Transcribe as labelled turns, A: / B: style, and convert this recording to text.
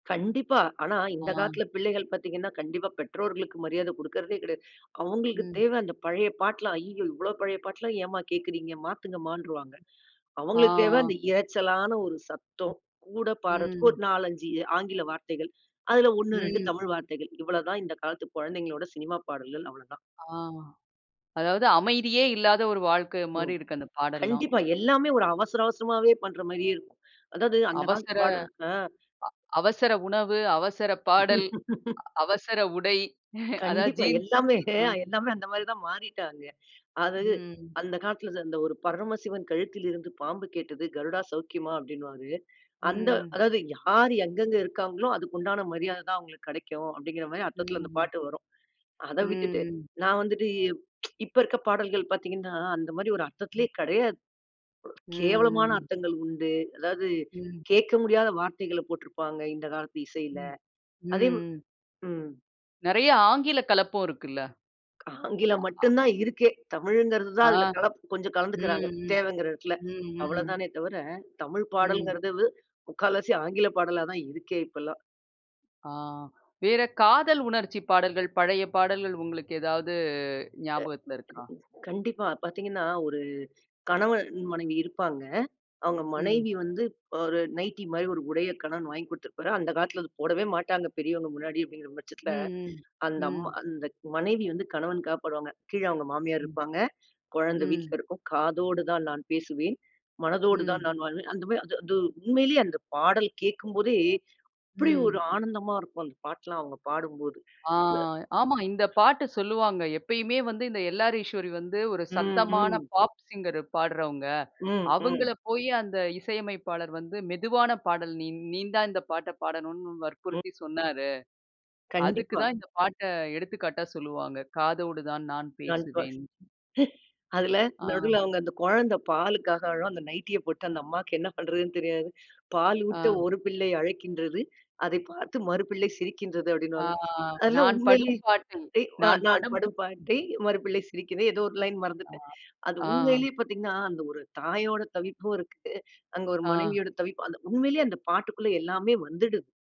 A: கண்டிப்பா. ஆனா, இந்த
B: ஆ.
A: காலத்துல பிள்ளைகள் பாத்தீங்கன்னா, கண்டிப்பா பெற்றோர்களுக்கு மரியாதை குடுக்கறதே கெடையாது. அவுங்களுக்கு
B: ம்.
A: தேவ அந்த பழைய பாட்டுலாம் "அய்யய்யோ! இவ்ளோ பழைய பாட்டுலாம் ஏமா கேக்குறீங்க? மாத்துங்கமான்ருவாங்க".
B: ஆ.
A: அவுங்களுக்கு தேவ
B: ஆ.
A: அந்த இரைச்சலான ஒரு சத்தம். கூட பாடுறதுக்கு
B: ம்.
A: ஒரு 4, 5 ஆங்கில வார்த்தைகள். அதுல 1,2
B: ம்.
A: தமிழ் வார்த்தைகள். இவ்ளதான் இந்த காலத்து குழந்தைகளோட சினிமா பாடல்கள் அவ்ளோதான்.
B: ஆ. அதாவது அமைதியே இல்லாத ஒரு வாழ்க்கை
A: ம்.
B: மாரி இருக்கு, அந்த பாடல்ளாம்.
A: கண்டிப்பா. எல்லாமே ஒரு அவசர, அவசரமாவே பண்ற மாரியே இருக்கும். அதாவது அந்த காலத்து
B: அவசர அ
A: பாடல் அ
B: அவசர உணவு, அவசர பாடல், அவசர உடை அதாவது
A: கண்டிப்பா.
B: ஜீன்ஸ்
A: எல்லாமே
B: ம்.
A: எல்லாமே அந்த மாரிதான் மாறிட்டாங்க. அது
B: ம்.
A: அந்த காலத்துல அந்த ஒரு பரமசிவன் கழுத்திலிருந்து பாம்பு கேட்டது கருடா சௌக்கியமா அப்டின்னுவாரு. அந்த
B: ம்ம்.
A: அதாவது யார் எங்கெங்க இருக்காங்களோ அதுக்கு உண்டான மரியாதைதான் அவுங்களுக்கு கெடைக்கும், அப்டிங்கிற மாரி அர்த்தத்துல அந்த
B: ம்ஹ்ம்.
A: பாட்டு வரும். அத விட்டுட்டு
B: ம்ஹ்ம்.
A: நான் வந்துட்டு இப்ப இருக்க பாடல்கள் பாத்தீங்கன்னா, அந்த மாரி ஒரு அர்த்தத்திலே கெடையாது. கேவலமான
B: ம்ஹ்ம்.
A: அர்த்தங்கள் உண்டு. அதாவது
B: ம்.
A: கேக்க முடியாத வார்த்தைகள போட்டுருப்பாங்க இந்த காலத்து இசைல. அதே
B: ம்ம்.
A: ம்.
B: நெறையா ஆங்கில கலப்பும் இருக்குல்ல.
A: ஆங்கிலம் மட்டும்தான் இருக்கே. தமிழ்ங்கிறதுதான்
B: ஆ.
A: அதுல கலப்பு, கொஞ்சம் கலந்துக்குறாங்க,
B: ம்ம்.
A: தேவைங்கிற எடத்துல.
B: ம். ம்.
A: அவ்ளோதானே தவிர தமிழ்
B: ம்.
A: பாடல்ங்கிறது முக்கால்வாசி ஆங்கில பாடலாதான் இருக்கே இப்பலாம்.
B: ஆ. வேற காதல் உணர்ச்சி பாடல்கள், பழைய பாடல்கள் உங்களுக்கு ஏதாவது ஞாபகத்துல இருக்கா?
A: கண்டிப்பா. பாத்தீங்கன்னா ஒரு கணவன் மனைவி இருப்பாங்க. அவுங்க
B: ம்.
A: மனைவி வந்து ஒரு நைட்டி மாரி ஒரு உடைய கணவன் வாங்கி குடுத்திருப்பாரு. அந்த காலத்துல அத போடவே மாட்டாங்க. பெரியவங்க முன்னாடி அப்டிங்கிற பட்சத்துல.
B: ம்ம்.
A: அந்த அம்மா
B: ம்.
A: அந்த மனைவி வந்து கணவனுக்காக பாடுவாங்க. கீழ அவங்க மாமியார்
B: ம்.
A: இருப்பாங்க, கொழந்தை வீட்ல
B: ம்.
A: இருக்கும். காதோடுதான் நான் பேசுவேன்.
B: ம்.
A: மனதோடுதான் நான் வாழ்வேன். அந்த மாரி, அது அது உண்மையிலே அந்த பாடல் கேக்கும்போதே, அப்டி ஒரு
B: ம்.
A: ஆனந்தமா இருக்கும் அந்த பாட்டுலாம் அவுங்க பாடும்போது.
B: ஆ. ஆமா. இந்த பாட்டு சொல்லுவாங்க. எப்பயுமே வந்து இந்த எல்ஆர் ஈஸ்வரி வந்து ஒரு
A: ம்.
B: சத்தமான
A: ம்.
B: பாப் சிங்கர் பாடுறவங்க.
A: ம். ம்.
B: அவங்கள போயி அந்த இசையமைப்பாளர் வந்து, மெதுவான பாடல் நீ நீந்தான் இந்த பாட்டைப் பாடணும்னு
A: ம்.
B: வற்புறுத்தி சொன்னாரு. அதுக்கு
A: கண்டிப்பா.
B: தான் இந்த பாட்ட எடுத்துக்காட்டா சொல்லுவாங்க. காதோடு தான் நான்
A: [unintelligible]
B: பேசுவேன்.
A: அதுல
B: ஆ.
A: நடுல அவுங்க அந்த கொழந்த பாலுக்காக அழும். அந்த நைட்டிய போட்டு அந்த அம்மாக்கு என்ன பண்றதுன்னு தெரியாது.
B: ஆ
A: பாலூட்ட ஒரு பிள்ளை அழைக்கின்றது. அதைப் பார்த்து மறு பிள்ளை சிரிக்கின்றது
B: ஆ.
A: அப்டின்னுவாங்க.
B: ஆ.
A: அதுலாம்
B: நான்
A: உண்மையிலே,
B: படும் பாட்டில், நான்
A: நான்
B: படும்
A: படும் பாட்டை மறு பிள்ளை சிரிக்கிறது ஏதோ ஒரு லைன்
B: ஆ,
A: மறந்துட்டேன். அது
B: ஆ
A: உண்மையிலே பாத்தீங்கன்னா, அந்த ஒரு தாயோட தவிப்பும் இருக்கு. அங்க ஒரு
B: ஆ.
A: மனைவியோட தவிப்பு அந்த உண்மையிலே அந்த பாட்டுக்குள்ள எல்லாமே வந்துடுது.